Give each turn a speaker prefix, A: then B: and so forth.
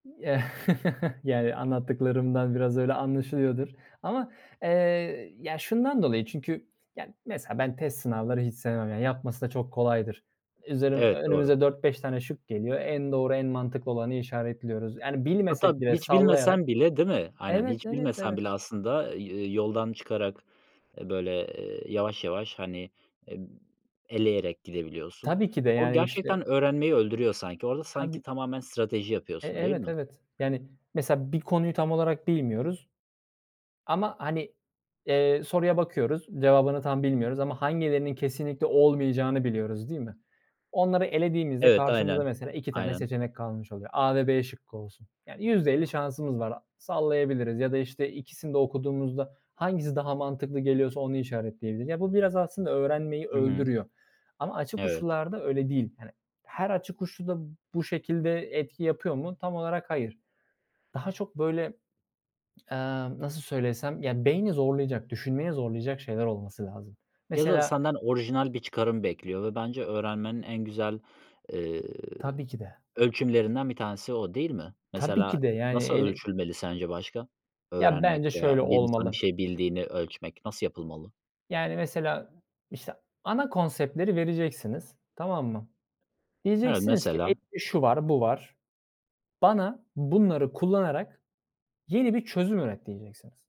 A: Yani, anlattıklarımdan biraz öyle anlaşılıyordur ama, ııı, ya, şundan dolayı çünkü, ya, mesela ben test sınavları hiç sevmem, ya, yapması da çok kolaydır. Üzeri
B: Evet, doğru.
A: önümüze 4-5 tane şık geliyor. En doğru en mantıklı olanı işaretliyoruz. Yani,
B: Hatta
A: bilmesek bile
B: hiç
A: sallayarak
B: bilmesen bile değil mi? Aynen.
A: Evet
B: Hiç
A: evet
B: bilmesen
A: evet.
B: bile aslında, ııı, yoldan çıkarak, ııı, böyle, ııı, yavaş yavaş, hani, eee, eleyerek gidebiliyorsun.
A: Tabii ki de,
B: O
A: yani, işte.
B: gerçekten öğrenmeyi öldürüyor sanki. Orada sanki
A: Tabii.
B: tamamen strateji
A: E
B: yapıyorsun değil
A: evet,
B: mi?
A: evet, yani, mesela bir konuyu tam olarak bilmiyoruz ama, hani, ııı, soruya bakıyoruz cevabını tam bilmiyoruz ama hangilerinin kesinlikle olmayacağını biliyoruz değil mi? Onları elediğimizde
B: Evet, aynen.
A: karşımıza mesela 2 tane
B: Aynen.
A: seçenek kalmış oluyor: A ve b şıkkı olsun, yani, %50 şansımız var. Sallayabiliriz ya da, işte, 2'sini de okuduğumuzda, hangisi daha mantıklı geliyorsa onu işaretleyebiliriz. Ya, bu biraz aslında öğrenmeyi
B: Hı hı.
A: öldürüyor. Ama açık
B: Evet.
A: uçlularda öyle değil, hani, her açık uçlu da bu şekilde etki yapıyor mu? Tam olarak hayır. Daha çok, böyle, ııı, nasıl söylesem, yani, beyni zorlayacak, düşünmeye zorlayacak şeyler olması lazım.
B: Ya da
A: Mesela
B: senden orijinal bir çıkarım bekliyor ve bence öğrenmenin en güzel, ııı,
A: Tabii ki de.
B: ölçümlerinden bir tanesi o değil mi?
A: Tabii
B: Mesela
A: ki de, yani,
B: nasıl
A: eli
B: ölçülmeli sence başka
A: Ya,
B: öğrenmek
A: bence
B: veya
A: şöyle
B: bir insan bir
A: olmalı
B: şey bildiğini ölçmek nasıl yapılmalı?
A: yani, mesela, işte, ana konseptleri vereceksiniz, tamam mı?
B: Evet
A: Diyeceksiniz ki:
B: mesela?
A: "Elimde şu var, bu var. Bana bunları kullanarak yeni bir çözüm üret." diyeceksiniz.